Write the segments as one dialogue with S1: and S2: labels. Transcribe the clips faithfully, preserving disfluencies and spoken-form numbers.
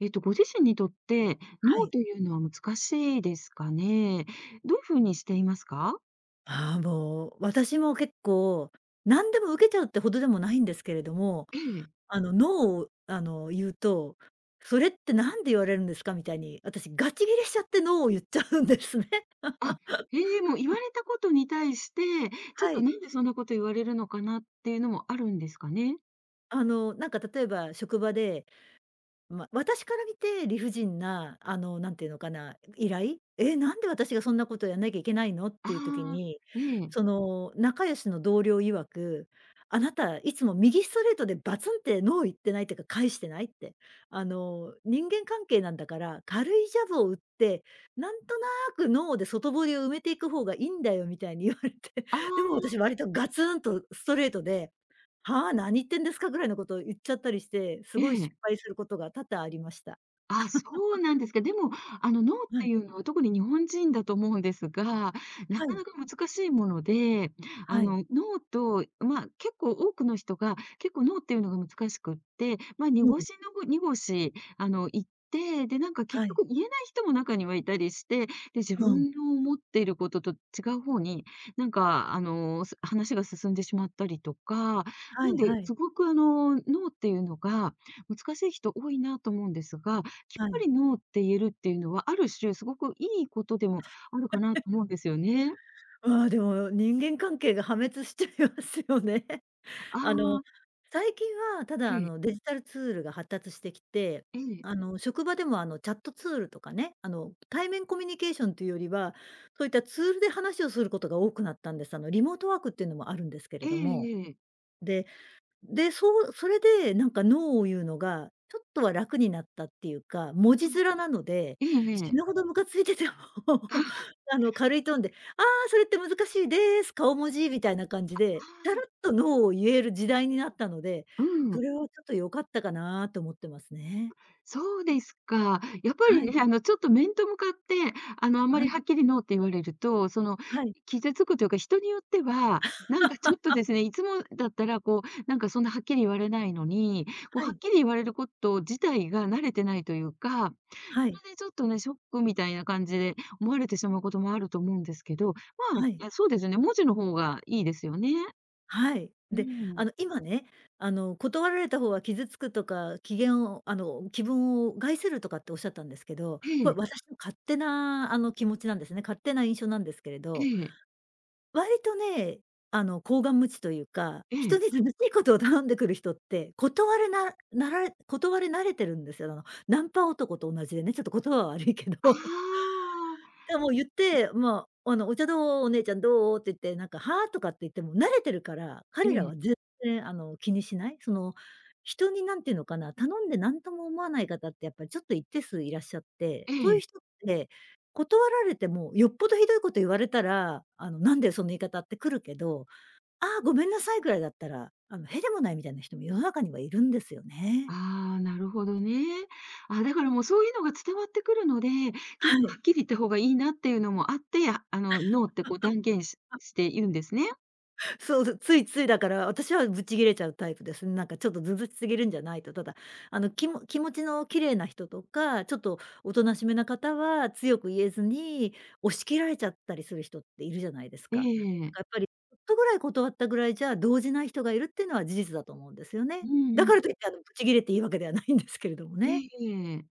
S1: えっと、ご自身にとって、ノ
S2: は
S1: ー
S2: い。
S1: というのは難しいですかね？どういう風にしていますか？
S2: ああ、もう私も結構、何でも受けちゃうってほどでもないんですけれども、
S1: ええ。
S2: あの「ノー」をあの、言うと「それって何で言われるんですか？」みたいに、私ガチギレしちゃってノーを言っちゃうんですね。
S1: あ、へえ。もう、言わ れたことに対して、ちょっ
S2: は
S1: と
S2: い。
S1: 何でそんなこと言われるのかなっていうのもあるんですかね？
S2: あの、なんか例えば職場で、ま、私から見て理不尽なあの、なんて言うのかな依頼「え、なんで私がそんなことやんなきゃいけないの？」っていう時
S1: あ
S2: に、
S1: あ、ええ。
S2: その、仲良しの同僚曰く「あなたいつも右ストレートでバツンってノー言ってない？てか、返してない？」って。あの「人間関係なんだから、軽いジャブを打って、なんとなくノーで外堀を埋めていく方がいいんだよ」みたいに言われて、
S1: あ
S2: でも
S1: あ。
S2: 私割とガツンとストレートで「はあ、何言ってんですか？」ぐらいのことを言っちゃったりして、す
S1: え
S2: ごい失
S1: え。
S2: 敗することが多々ありました。
S1: あ、そう なんですか。でもあの、ノーっ
S2: は
S1: て
S2: い。
S1: いうのは特に日本人だと思うんですが、な
S2: は
S1: か
S2: い。
S1: なか難しいもので、あ
S2: はい。
S1: の、ノーと、ま、結構多くの人が、結構ノーっていうのが難しくって、ま、
S2: う
S1: 濁
S2: ん。
S1: し、のご濁し、あの、言って。で、なんか結
S2: はい。
S1: 局言えない人も中にはいたりして。で、自
S2: うん。
S1: 分の思っていることと違うほうに、なんかあの、す話が進んでしまったりとか。
S2: は
S1: なん
S2: い
S1: で、
S2: はい。
S1: すごくあの、ノーって言うのが、難しい人多いなと思うんですが、きっ
S2: は
S1: ぱ
S2: い。
S1: りノーって言えるっていうのは、ある種、すごくいいことでもあるかなと 思うんですよね。
S2: ああ、でも人間関係が破滅しちゃいますよね。
S1: あ
S2: あの、
S1: あ。
S2: 最近はただあ
S1: ええ。
S2: の、デジタルツールが発達してきて、
S1: ええ。
S2: あの、職場でもあの、チャットツールとかね、あの、対面コミュニケーションというよりは、そういったツールで話をすることが多くなったんです。あの、リモートワークっていうのもあるんですけれ
S1: え
S2: ども。
S1: えええ。
S2: で、で、そうそれでなんか「ノー」を言うのがちょっとは楽になったっていうか。文字
S1: うん。
S2: 面なので、
S1: えええ
S2: 死
S1: え。
S2: ぬほどムカついてても、
S1: あ は。
S2: あの、軽いトーンで「あ、それって難しいです。顔文字」みたいな感じ
S1: あ、
S2: で、タ
S1: ああ。
S2: ラっとノーを言える時代になったので、
S1: う
S2: そ
S1: ん。
S2: れはちょっと良かったかなと思ってますね。
S1: そうですか。やっぱ
S2: は
S1: り
S2: い。
S1: ね、あの、ちょっと面と向かって、あの、あんま
S2: は
S1: り
S2: い。
S1: はっきり「ノー」って言われると、その
S2: はい。
S1: 傷つくというか、人によっては、なんかちょっと ですね、いつもだったらこう、なんかそんなはっきり言われないのに、こう
S2: は
S1: はっ
S2: い。
S1: きり言われること自体が慣れてないというか。
S2: は
S1: そ
S2: い。
S1: こでちょっとね、ショックみたいな感じで、思われてしまうこともあると思うんですけど。ま、い
S2: はい。
S1: や、そうですよね、文字の方がいいですよね。
S2: はい。
S1: う
S2: で、あ
S1: ん。
S2: の、今ね、あの、断られたほうは傷つくとか機嫌をあの、気分を害するとかっておっしゃったんですけど、
S1: え
S2: これ、
S1: え。
S2: 私の勝手なあの、気持ちなんですね。勝手な印象なんですけれ
S1: え
S2: ど。
S1: え。
S2: 割とね、あの、厚顔無恥というか、
S1: え
S2: 人
S1: え。
S2: に図々しいことを頼んでくる人って、断れななられ断れ慣れてるんですよ、ながナンパ男と同じでね。ちょっと言葉は悪いけど。
S1: あ あ。
S2: いや、もう
S1: うん。
S2: 言って、ま、あの「お茶どう？お姉ちゃんどう？」って言って、なんか「は？」とかって言っても慣れてるから、
S1: え
S2: 彼ら
S1: え。
S2: は全然あの、気にしない、その、人になんてのかな、頼んでなんとも思わない方ってやっぱちょっと一定数いらっしゃって、
S1: え
S2: そういう
S1: え。
S2: 人って、断られても、よっぽど酷いこと言われたら、あの「なんだよその言い方」って来るけど「ああ、ごめんなさい」ぐらいだったら、あの屁でもないみたいな人も世の中にはいるんですよね。
S1: ああ、なるほどね。あ、だからもうそういうのが伝わってくるので、結
S2: は
S1: 構は
S2: い。
S1: っきり言った方がいいなっていうのもあって、あの「ノー」ってこう断言し して言うんですね？
S2: そう、だ、ついついだから、私はぶち切れちゃうタイプですね。なんかちょっと、図々しすぎるんじゃないと。ただ、あの、きも気持ちの綺麗な人とか、ちょっと大人しめな方は、強く言えずに、押し切られちゃったりする人って、いるじゃないです
S1: え
S2: か。だか
S1: ええ
S2: ら
S1: え。
S2: やっぱり、ちょっとぐらい断ったぐらいじゃ、動じない人がいる、っていうのは事実だと思うんですよね。
S1: う
S2: だ
S1: んう
S2: か
S1: ん。
S2: らと言ってあの、ぶち切れていい訳では、ないん ですけれども
S1: え
S2: ね。
S1: えええ。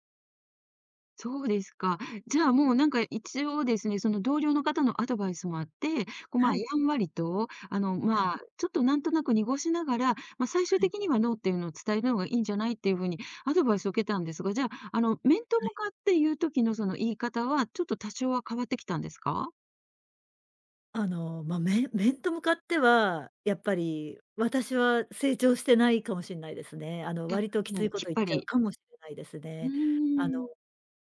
S1: そうですか。じゃあもうなんか、一応ですね、その同僚の方のアドバイスもあって、こう、ま
S2: は
S1: あ、
S2: い。
S1: やんわりと、あの、
S2: はい。
S1: まあ、ちょっとなんとなく濁しながら、まあ、最終
S2: はい。
S1: 的にはノーっていうのを、伝えるのがいいんじゃない？っていう風にアドバイスを受けたんですが。じゃあ、あの面と
S2: はい。
S1: 向かって言う時の、その言い方は、ちょっと多少は変わってきたんですか？
S2: あの、ま、面面と向かっては、やっぱり私は、成長してないかもしんないですね。あの、
S1: じゃ、
S2: 割とき
S1: も
S2: つい
S1: う
S2: こ
S1: きっ
S2: と、言っ
S1: ぱ
S2: ちゃう
S1: り
S2: かもしれないです
S1: うー
S2: ね。あの、
S1: ん。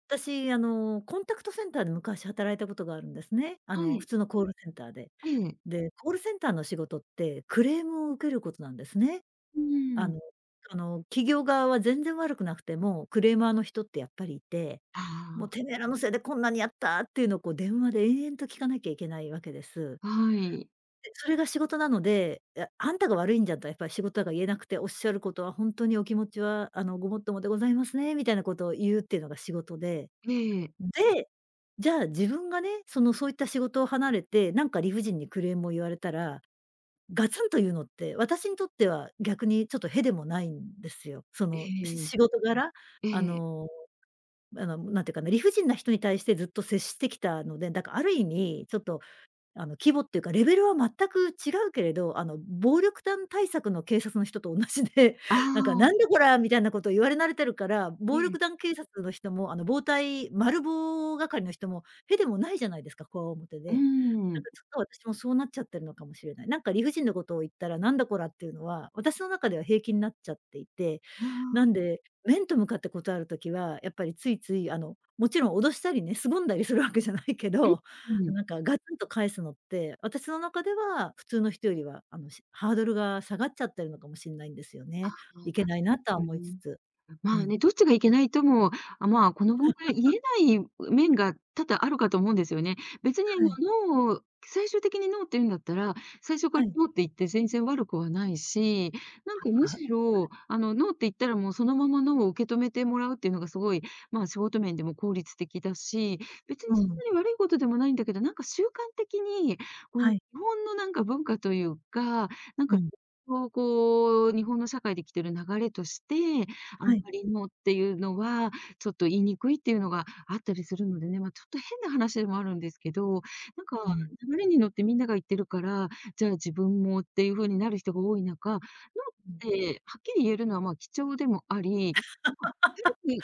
S2: 私、あの、コンタクトセンターで昔、働いたことがあるんですね。あ
S1: は
S2: の、普
S1: い。
S2: 通のコールセンターで。
S1: ええ。
S2: で、コールセンターの仕事って、クレームを受けることなんですね。
S1: う
S2: あ
S1: ーん。
S2: のその、企業側は全然悪くなくても、クレーマーの人ってやっぱりいて。
S1: あ
S2: もう、
S1: あ。
S2: てめぇらのせいでこんなにやった、っていうのを、こう電話で延々と、聞かなきゃいけないわけです。
S1: はい。
S2: で、それが仕事なので。いや、あんたが悪いんじゃんとは、やっぱり仕事だから言えなくて。おっしゃることは、ほんとにお気持ちはあの、ごもっともでございますね、みたいなことを言う、っていうのが仕事で。
S1: ええええ。
S2: で、じゃあ自分がね、その、そういった仕事を離れて、なんか理不尽に、クレームを言われたら、ガツンと言うのって、私にとっては逆に、ちょっと屁でもないんですよ。そ
S1: え
S2: の、し
S1: え
S2: 仕事柄、
S1: ええ。え
S2: あ
S1: え。
S2: の、あの、なんて言うかな、理不尽な人に対して、ずっと接してきたので。だから、ある意味ちょっと、あの、規模っていうか、レベルは全く違うけれど、あの、暴力団対策の警察の人と同じで、
S1: あ
S2: なんか、
S1: あ。
S2: なんだこら、みたいなことを言われ慣れてるから、
S1: え
S2: 暴力
S1: え。
S2: 団警察の人も、あの、暴対、マル暴係の人も、屁でもないじゃないですか、強面
S1: う
S2: で。なん
S1: ん。
S2: かちょっと私も、そうなっちゃってるのかもしれない。なんか理不尽なことを言ったら、なんだこらっていうのは、私の中では平気になっちゃっていて。
S1: あ
S2: な
S1: あ。
S2: んで、面と向かって断る時は、やっぱりついつい、あの、もちろん脅したりね、凄んだりするわけじゃないけど。な
S1: [unintelligible]
S2: んかガツンと返すのって、私の中では、普通の人よりはあの、し、ハードルが下がっちゃってるのかもしんないんですよ
S1: あ
S2: ね。
S1: の、
S2: いけ
S1: 確
S2: ないなとは
S1: か
S2: 思いつ
S1: に。
S2: つ。
S1: ま
S2: う
S1: あ
S2: ん。
S1: ね、どっちがいけないとも、あ、まあ、この問題言 えない面が、多々あるかと思うんですよね。別にあの、
S2: はい。
S1: ノーを、最終的にノーって言うんだったら、最初か
S2: は
S1: ら
S2: い。
S1: ノーって言って、全然悪くはないし、なんか
S2: は、
S1: む
S2: はい。
S1: しろ、あのノーって言ったらもうそのまま、ノーを受け止めてもらうっていうのが、凄い、まあ仕事面でも効率的だし。別
S2: う
S1: にそん
S2: ん。
S1: なに悪いことでもないんだけど、なんか習慣的に、この
S2: は
S1: 日
S2: い。
S1: 本の、なんか文化というか、なん
S2: う
S1: か
S2: ん。
S1: そう、こう、日本の社会で生きてる流れとして、あ
S2: は
S1: ん
S2: い。
S1: まりノーっていうのは、ちょっと言いにくいっていうのが、あったりするのでね、まあ、ちょっと変な話でもあるんですけど、なん
S2: う
S1: か
S2: ん。
S1: 流れに乗って、みんなが言ってるから、じゃあ自分も、っていう風になる人が多い中、ノーっ
S2: うん。
S1: てはっきり言えるのは、まあ、貴重でもあり、まあ、ある 意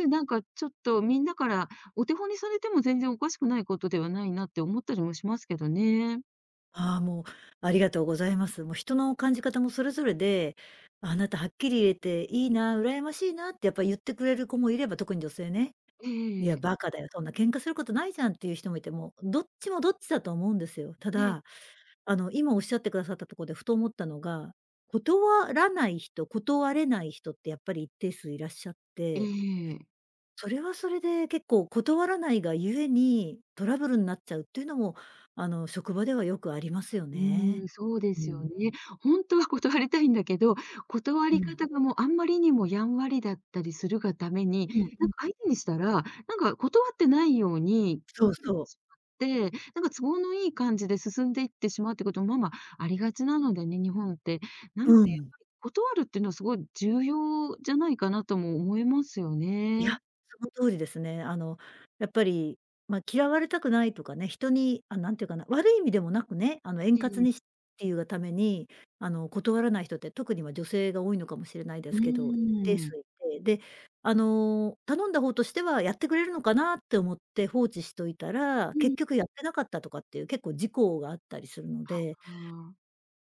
S1: 味、なんかちょっと、みんなからお手本にされても、全然おかしくないことではないな、って思ったりもしますけどね。
S2: あ、もう、ありがとうございます。もう、人の感じ方もそれぞれで「あなたはっきり言えて、いいな、羨ましいなって」やっぱ言ってくれる子もいれば、特に女性ね
S1: えええ
S2: 「い
S1: ええええ
S2: や、
S1: え。
S2: 馬鹿だよ、そんな喧嘩することないじゃん」っていう人もいても、どっちもどっちだと思うんですよ。た
S1: ええ。
S2: だ、あの、今おっしゃってくださったとこでふと思ったのが、断らない人、断れない人ってやっぱり一定数いらっしゃっ
S1: え
S2: て。
S1: え。
S2: それはそれで結構、断らないがゆえに、トラブルんなっちゃうっていうのも、あの、職場ではよくありますよ
S1: う
S2: ね。
S1: ーん、そうで
S2: うー
S1: すよ
S2: ん。
S1: ね。ほんとは断りたいんだけど、断
S2: う
S1: り
S2: ん。
S1: 方が、もう、あまりにもやんわりだったりするがために、
S2: うんう
S1: なん
S2: ん。
S1: か、相手にしたら、なんか、断ってないように、
S2: そ
S1: ご
S2: う
S1: くり、
S2: そう。
S1: しまって、なんか、都合のいい感じで進んでいってしまうっていうことも、まま、ありがちなのでね、日本って。な
S2: う
S1: ん
S2: ー
S1: ていうか
S2: ん。
S1: 断るってのは凄い重要じゃないかなとも思いますよ
S2: い
S1: ね。
S2: や、その通りですね、あの、やっぱり、ま、嫌われたくないとかね、人に、あ、なんて言うかな、悪い意味でもなくね、あの、円
S1: ええ
S2: 滑
S1: ええ。
S2: にしていうがために、あの、断らない人って、特には女性が多いのかもしれないで
S1: うー
S2: すけど。一定数
S1: ん。
S2: 居て、で、あの、頼んだ方としてはやってくれるのかなって思って放置しといたら、
S1: うん。
S2: 結局やってなかったとかっていう、結構事故があったりするの
S1: は、
S2: で。
S1: ああ。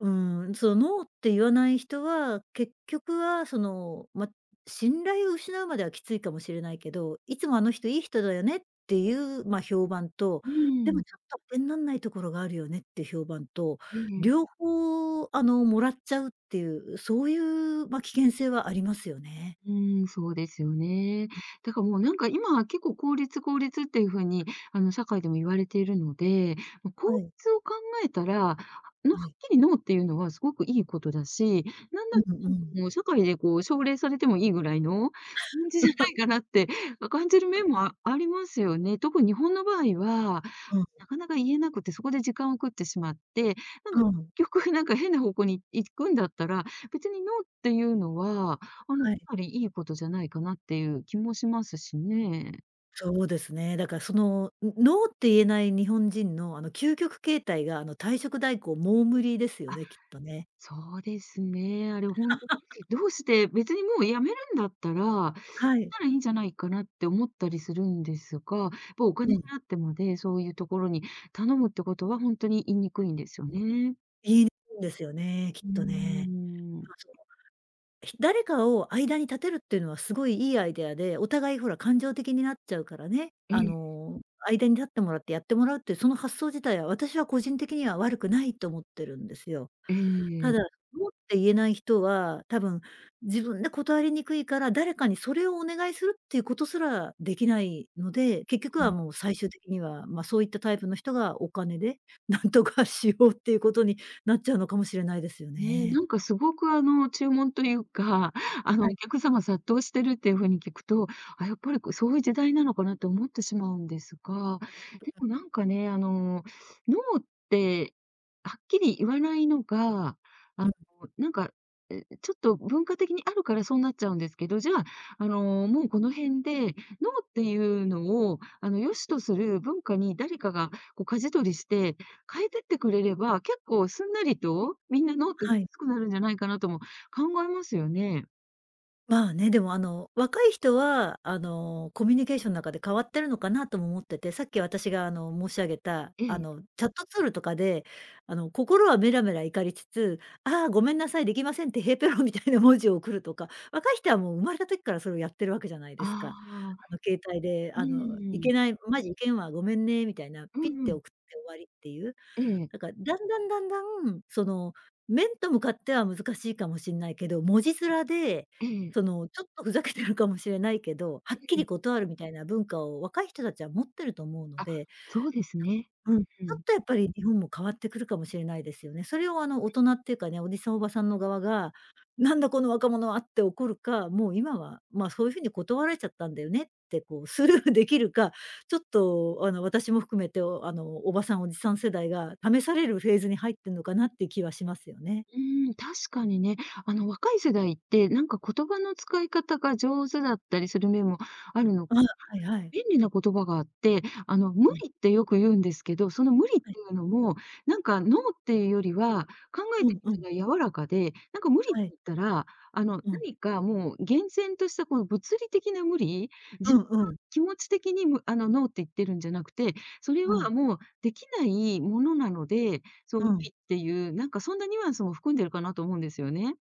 S2: うーん、その、ノーって言わない人は、結局は、その、ま、信頼を失うまではきついかもしれないけど「いつも、あの人良い人だよね」っていう、ま、評判と
S1: う
S2: 「で
S1: ー
S2: も、
S1: ん。
S2: ちょっと、てんなんないところがあるよね」っていう評判と、
S1: ええええ。
S2: 両方、あの、貰っちゃうっていう、そういう、ま、危険性はありますよね。
S1: うーん、そうですよね。
S2: うん。
S1: だから、もう、なんか、今、結構効率効率っていう風に、あの、社会でも言われているので、もう、
S2: は
S1: こう
S2: い。
S1: つを考えたら、ノ
S2: は
S1: はっ
S2: い。
S1: きり「ノー」っていうのは凄くいいことだし、なん
S2: う
S1: だ
S2: んうん。
S1: うん、もう社会で奨励されてもいいぐらいの感じじゃ ないかなって、あ、感じる面 もありますよね。特に日本の場合は、
S2: うん。
S1: なかなか言えなくて、そこで時間を食ってしまって、なんか、
S2: うん。
S1: 局、なんか、変な方向に行くんだったら、別にノーっていうのは、あの、
S2: はい。
S1: ぱりいいことじゃないかなっていう気もしますしね。
S2: そうですね。だからその、ん、ノーって言えない日本人の、あの、究極形態があの、退職代行モームリですよ
S1: あ、
S2: ね、きっとね。
S1: そうですね、あれほんとに しどうして別にもう辞めるんだったら、
S2: はい。
S1: たらいいんじゃないかなって思ったりするんですが、ぽお
S2: う
S1: 金
S2: ん。
S1: 払ってまで、そういうところに頼むってことは、ほんとに言いにくいんですよ
S2: うん、
S1: ね。
S2: 言いにくんですよね、きっ
S1: うー
S2: とね。
S1: ん。
S2: まあ、その、ひ誰かを間に立てるっていうのは凄い良いアイディアで、お互いほら、感情的になっちゃうからね、
S1: う
S2: あ
S1: ん。
S2: の、間に立ってもらってやってもらうっていうその発想自体は、私は個人的には悪くないと思ってるんですよ。
S1: え
S2: た
S1: え。
S2: だ、ノーって言えない人は、多分自分で断りにくいから、誰かにそれをお願いするっていうことすら出来ないので、結
S1: う
S2: 局
S1: う
S2: は
S1: ん。
S2: もう最終的には、まあ、そういったタイプの人がお金で、何とかしようっていうことになっちゃうのかもしれないですよ
S1: ね、
S2: ね。
S1: なんか凄くあの、注文というか、あ
S2: は
S1: の、
S2: い。
S1: お客様殺到してるっていう風に聞くと、あ、やっぱりこう、そういう時代なのかなって思ってしまうんですが、
S2: う
S1: で
S2: ん。
S1: もなんかね、あの、ノーってはっきり言わないのが、あ
S2: う
S1: の、
S2: ん。
S1: なんか、え、ちょっと文化的にあるからそうなっちゃうんですけど、じゃあ、あの、もうこの辺で、ノーっていうのをあの、良しとする文化に誰かがこう舵取りして、変えてってくれれば、結構すんなりとみんなノーって、
S2: はい。
S1: すくなるんじゃないかなとも考えますよね。
S2: まあね。でも、あの、若い人は、あの、コミュニケーション中で変わってるのかな、とも思ってて、さっき私が、あの、申し上げた、
S1: え
S2: あ
S1: え。
S2: の、チャットツールとかで、あの、心はメラメラ怒りつつ、「ああ、ごめんなさい、出来ません」って、へいたろうみたいな文字を送るとか、若い人はもう生まれた時からそれをやってる訳じゃないです
S1: あ
S2: か。あ
S1: あ。
S2: の、携帯で、
S1: う
S2: あの、「い
S1: ーん。
S2: けない、ん、マジいけんわ、ごめんね」みたいな、
S1: う
S2: ピッ
S1: んう
S2: て送
S1: ん。
S2: って終わりって言う。
S1: ええ。
S2: だから、段々段々、その、面と向かっては難しいかもしんないけど、文字面で、
S1: ええ。
S2: その、ちょっとふざけてるかもしれないけど、はっ
S1: え
S2: き
S1: え。
S2: り断るみたいな文化を若い人達は持ってると思うの
S1: あ、
S2: で、
S1: そうですね。
S2: うん。ち
S1: うんう
S2: ょっ
S1: ん。
S2: と、やっぱり日本も変わってくるかもしれないですよね。それを、あの、大人って言うかね、おじさん、おばさんの側が、「なんだ、この若者は」って怒るか、もう今は、まあ、「そう言う風に断られちゃったんだよね」って、こうスルー出来るか、ちょっと、あの、私も含めて、おあの、おばさん、おじさん世代が試されるフェーズに入ってんのかなって言う気はしますよね。
S1: うーん。確かにね。あの、若い世代って、なんか、言葉の使い方が上手だったりする面もあるの
S2: ああ、
S1: かし
S2: はいはい。
S1: れない。便利な言葉があって、あの、無
S2: うん。
S1: 理ってよく言うんですけど、その無理って
S2: はい。
S1: 言うのも、なんか、ノーって言うよりは、考え
S2: う
S1: て
S2: んう
S1: み
S2: ん。
S1: たら柔らかで、なんか、無理っ
S2: は
S1: て
S2: い。
S1: 言ったら、あの、
S2: うん。
S1: 何か、もう厳然としたこの物理的な無理、
S2: う
S1: 自分
S2: ん
S1: の
S2: うん。
S1: 気持ち的にむあの、ノーって言ってるんじゃなくて、それ
S2: う
S1: は
S2: ん。
S1: もう出来ないものなので、そう無
S2: うん。
S1: 理っていう、なんか、そんなニュアンスも含んでるかなと思うんですよね。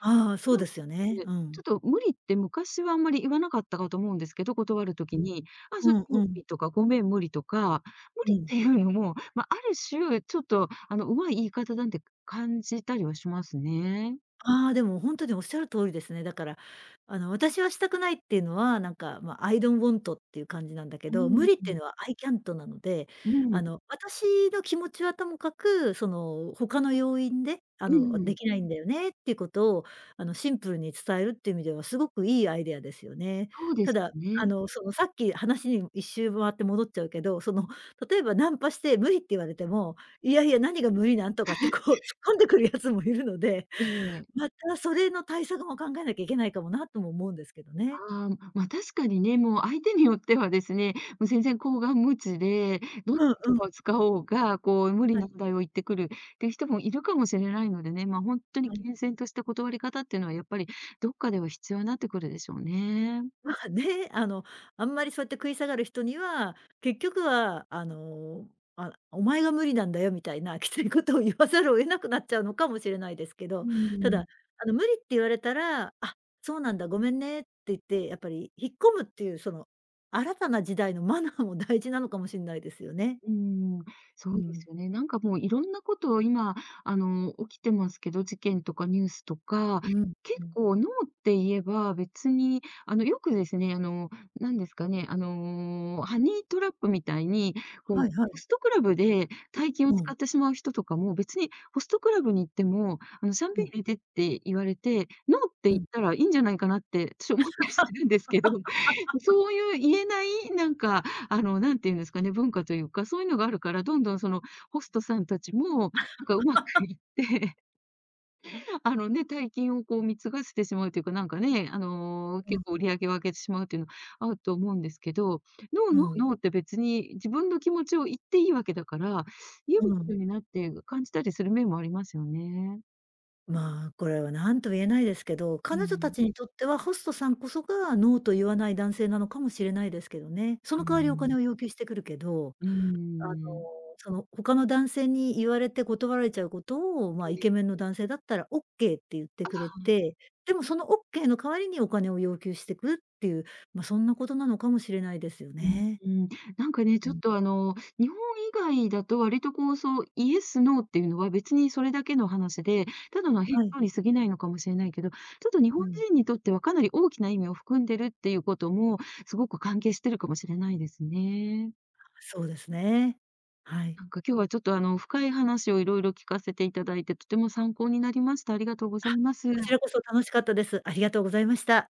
S2: ああ、そう
S1: なん
S2: ですよね、
S1: で、
S2: う
S1: ちょ
S2: ん。
S1: っと無理って昔はあんまり言わなかったかと思うんですけど、断る時
S2: うん。
S1: に。あ、それ
S2: うん
S1: 無
S2: うん。
S1: 理とか、ごめん無理とか、無
S2: う
S1: 理っ
S2: ん。
S1: て言うのも、ま、ある種、ちょっと、あの、上手い言い方なんて感じたりはしますね。
S2: ああ、でもほんとにおっしゃる通りですね、だから、あの、私はしたくないって言うのは、なんか、まあ、アイドンウォントって言う感じなんだけ
S1: う
S2: ど、無
S1: ー
S2: 理って言
S1: ん。
S2: うのはアイキャントなので、
S1: う
S2: あ
S1: ん。
S2: の、「私の気持ちはともかく、その、他の要因で、あ
S1: う
S2: の、
S1: んうん。
S2: 出来ないんだよね」って、言う事を、あの、シンプルに伝えるって言う意味では、凄く良いアイデアですよね。
S1: そうで
S2: た
S1: す
S2: だ、あ
S1: ね。
S2: の、その、さっき話にいっしゅう回って戻っちゃうけど、その、例えば、ナンパして無理って言われても、「いやいや何が無理なん」とかって、こう、突っ 込んでくる奴もいるので、
S1: ええ。
S2: また、それの対策も考えなきゃいけないかもなとも思うんですけどね。
S1: ああ、ま、確かにね、もう相手によってはですね、も、全然厚願無知で、どんな
S2: うん
S1: 言
S2: う
S1: 葉
S2: ん。
S1: を使おうが、こう、無理
S2: はい。
S1: 難題を言ってくるって人もいるかもしれないのでね、ま、ほんとに
S2: はい。
S1: 厳然とした断り方って言うのは、やっぱり、どっかでは必要なってくるでしょうね。
S2: まあね。あの、あんまり、そうやって食い下がる人には、結局は、あの、あお前が無理なんだよ、みたいな、きつい事を言わざるを得なくなっちゃうのかもしれないですけ
S1: う
S2: ど。
S1: ー
S2: ただ、
S1: ん。
S2: あの、無理って言われたら、「あっ、そうなんだ、ごめんね」って言って、やっぱり引っ込むって言う、その、新たな時代のマナーも大事なのかもしんないですよね。
S1: うーん、そ
S2: う
S1: うで
S2: ん。
S1: すよね。なんか、もう、色んな事を今、あの、起きてますけど、事件とか、ニュースとか。
S2: うん、
S1: 結
S2: うん。
S1: 構、ノーって言えば、別にあの、よくですね、あの、何ですかね、あの、ハニートラップみたいに、こう、
S2: はいは
S1: ホ
S2: い。
S1: ストクラブで大金を
S2: う
S1: 使
S2: ん。
S1: ってしまう人とかも、別にホストクラブに行っても、あの、シャン
S2: う
S1: ペン
S2: ん。
S1: 入れてって言われて、ノーって
S2: う
S1: 言っ
S2: ん。
S1: たらいいんじゃないかなって、私思ったりするんですけど。ま、そうゆう言えない、なんか、あの、何て言うんですかね、文化と言うか、そう言うのがあるから、どんどん、その、ホストさん達も、なんか、上手く 言って、あのね、大金を、こう、貢がせてしまうって言うか、なんかね、あの、
S2: う
S1: 結
S2: ん。
S1: 構売り上げを上げてしまうって言うのあると思うんですけど。ノー、
S2: う
S1: ノー、ノ
S2: ん。
S1: ーって、別に自分の気持ちを言って良い訳だから、ニュー
S2: うん。
S1: スになって感じたりする面もありますよね。
S2: まあ、これは何とも言えないですけど、
S1: う
S2: 彼女
S1: ーん。
S2: 達にとっては、ホストさんこそがノーと言わない男性なのかもしれないですけどね。そ
S1: うー
S2: の代わりお金
S1: ん。
S2: を要求してくるけど。
S1: うー
S2: あの、
S1: ん。
S2: その、他の男性に言われて断られちゃう事を、まあ、
S1: け
S2: イ
S1: え
S2: ケメンの男性だったらオッケーって言って
S1: あ
S2: くれ
S1: あ、うん。
S2: て、でも、そのオッケーの代わりにお金を要求してくって言う、まあ、そんな事なのかもしれないですよ
S1: う
S2: ね。
S1: ーん。なんかね、
S2: う
S1: ちょっ
S2: ん。
S1: と、あの、日本以外だと、割と、こう、そう、イエス、ノーって言うのは、別にそれだけの話で、ただの返
S2: はい。
S1: 答に過ぎないのかもしんないけど、ちょっと日
S2: う
S1: 本
S2: ん。
S1: 人にとっては、かなり大きな意味を含んでるって言う事も、凄く関係しているかもしれないですね。
S2: そうですね。はい。
S1: なんか、今日はちょっと、あの、深い話を色々聞かせて頂いて、とても参考になりました。ありがとうご
S2: あ、
S1: ざいます。
S2: こちらこそ楽しかったです。ありがとうございました。